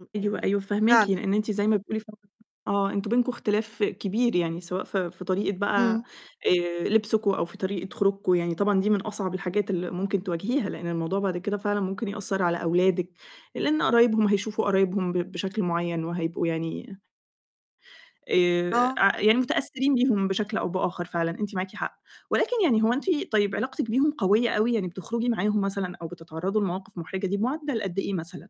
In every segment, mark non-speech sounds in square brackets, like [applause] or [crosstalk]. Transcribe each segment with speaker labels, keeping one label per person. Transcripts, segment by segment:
Speaker 1: ام يعني
Speaker 2: أيوه، فاهماكِ،
Speaker 1: فعلًا
Speaker 2: لإن
Speaker 1: أ
Speaker 2: أنتِ زي ما بتقولي ف [unintelligible] آه، أنتم بينكم اختلاف كبير يعني سواء في في طريقة بقى
Speaker 1: إمم.
Speaker 2: آآ، لبسكم أو في طريقة خروجكم يعني طبعًا دي من أصعب الحاجات اللي ممكن تواجهيها، لإن الموضوع بعد كده فعلًا ممكن يأثّر على أولادِك، لإن قرايبهم هيشوفوا قرايبهم ب بشكل معيّن وهيبقوا يعني آآ،
Speaker 1: آه.
Speaker 2: أع يعني متأثّرين بيهم بشكل أو بآخَر، فعلًا أنتِ معاكِ حق، ولكن يعني هو أنتِ طيب علاقتِك بيهم قوية أوي، يعني بتخرجي معاهم مثلًا أو بتتعرّضوا لمواقِف مُحرجة دب بمُعدّل قد إيه مثلًا؟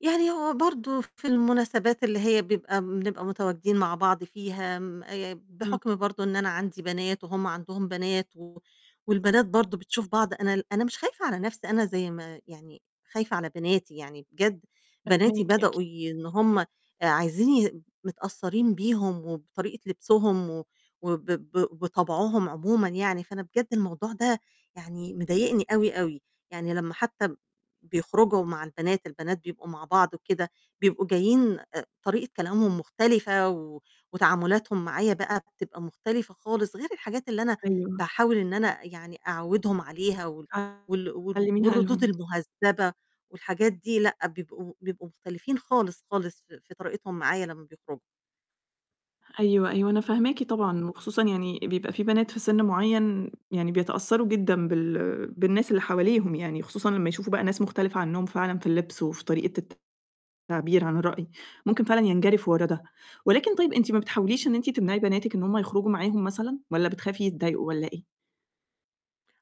Speaker 1: يعني هو برضه ف في المناسبات اللي هي بيبقى بنبقى متواجدين مع بعض فيها م آآ،
Speaker 2: إمم.
Speaker 1: بحُكم برضه إن أنا عندي بنات وهم عندهم بنات و والبنات برضه بتشوف بعض، أنا ال أنا مش خايفة على نَفْسي، أنا زي ما يعني خايفة على بناتي، يعني بجد بناتي
Speaker 2: أكيد، أكيد.
Speaker 1: بدؤوا ي إن هم آآ عايزين متأثّرين بيهم وبطريقة لبسوهم و وب ب وطَبعهم عمومًا يعني، فأنا بجد الموضوع ده يعني مضايقني أوي، أوي. يعني لمّا حتى ب بيخرجوا مع البنات، البنات بيبقوا مع بعض وكده، بيبقوا جايين آآ، طريقة كلامهم مختلفة و وتعامُلاتهم معايا بقى بتبقى مختلفة خالص غير الحاجات اللي أنا
Speaker 2: أيوه.
Speaker 1: باحاول إن أنا يعني أعوّدهم عليها وال وال وال
Speaker 2: علِّميها
Speaker 1: والردود
Speaker 2: لهم.
Speaker 1: المهذّبة والحاجات دي لأ، بيبقوا بيبقوا مختلفين خالص، خالص ف في طريقتهم معايا لمّا بيخرجوا.
Speaker 2: أيوه، أيوه، أنا
Speaker 1: إمم.
Speaker 2: فاهماكِ طبعًا، وخصوصًا يعني بيبقى في بنات في سِن معيّن يعني بيتأثّروا جدًا بال بالناس اللي حواليهم يعني، وخصوصًا لمّا يشوفوا بقى ناس مختلفة عنّهم فعلًا في اللبس وفي طريقة التعبير عن الرأي، ممكن فعلًا ينجرفوا ورا ده، ولكن طيب أنتِ ما بتحاوليش إن أنتِ تمنعي بناتِك إن هم يخرجوا معاهم مثلًا، والّا بتخافي يتضايقوا والّا إيه؟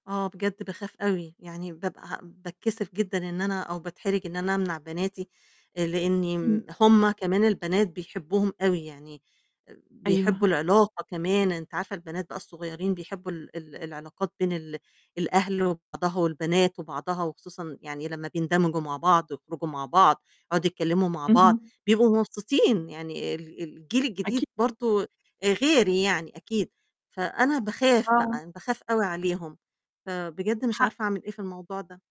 Speaker 1: آه، بجد باخاف أوي. يعني بابقى ه باتكسِف جدًا إن أنا أو باتحرِج إن أنا أمنع بناتي، آآ لإنّي
Speaker 2: إمم.
Speaker 1: ن هم كمان البنات بيحبّوهم أوي يعني آآ، بيحبّوا
Speaker 2: أيوه.
Speaker 1: العلاقة كمان أنتِ عارفة البنات بقى الصغيّرين بيحبّوا ال ال العلاقات بين ال الأهل وبعضها والبنات وبعضها، وخصوصًا يعني لمّا بيندمجوا مع بعض، يخرجوا مع بعض، يقعُدوا يتكلِّموا مع بعض،
Speaker 2: اهم.
Speaker 1: بيبقوا مبسوطين، يعني ال الجيل الجديد
Speaker 2: أكي
Speaker 1: برضه آآ، غير يعني أكيد، فأنا باخاف
Speaker 2: آه.
Speaker 1: بقى، أنا باخاف أوي عليهم. فبجد مش عارفة أعمل
Speaker 2: حقِّك.
Speaker 1: إيه في الموضوع ده.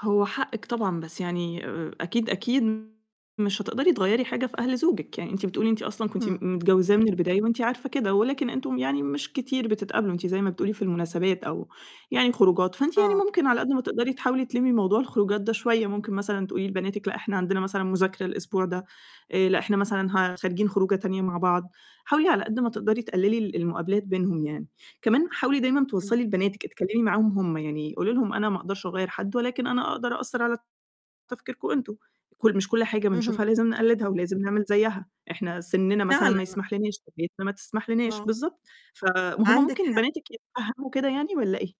Speaker 2: هو حقِّك طبعًا، بس يعني آآ، أكيد، أكيد مش هتقدري تغيّري حاجة في أهل زوجِك، يعني أنتِ بتقولي أنتِ أصلًا كنت م
Speaker 1: إمم.
Speaker 2: متجوّزاه من البداية وأنتِ عارفة كده ولكن أنتم يعني مش كتير بتتقابلوا، أنتِ زي ما بتقولي في المناسبات أو يعني خروجات، فأنتِ يعني
Speaker 1: آه.
Speaker 2: ممكن على قد ما تقدري تحاولي تلمّي موضوع الخروجات ده شوية. ممكن مثلًا تقولي لبناتِك لأ، إحنا عندنا مثلًا مُذاكرة الأسبوع ده، آآ، لأ، إحنا مثلًا ه خارجين خروجة تانية مع بعض. حاولي على قد ما تقدري تقلِّلي ال المقابلات بينهم يعني، كمان حاولي دايمًا
Speaker 1: إمم.
Speaker 2: توصّلي لبناتِك أتكلّمي معاهم هم يعني، قولي لهم أنا ما أقدرش أغيّر حد ولكن أنا أقدر أأثّر على تفكيركم أنتم، كل مش كل حاجة
Speaker 1: اهم.
Speaker 2: بنشوفها لازم نقلّدها ولازم نعمل زيّها، إحنا سِنّنا مثلًا ما
Speaker 1: فعلًا.
Speaker 2: يسمحش لنا [unintelligible] ما تسمحش لنا
Speaker 1: آه.
Speaker 2: بالضبط. ف وهم
Speaker 1: عندِك
Speaker 2: ممكن
Speaker 1: حق.
Speaker 2: بناتِك يتفهّموا كده يعني والّا إيه؟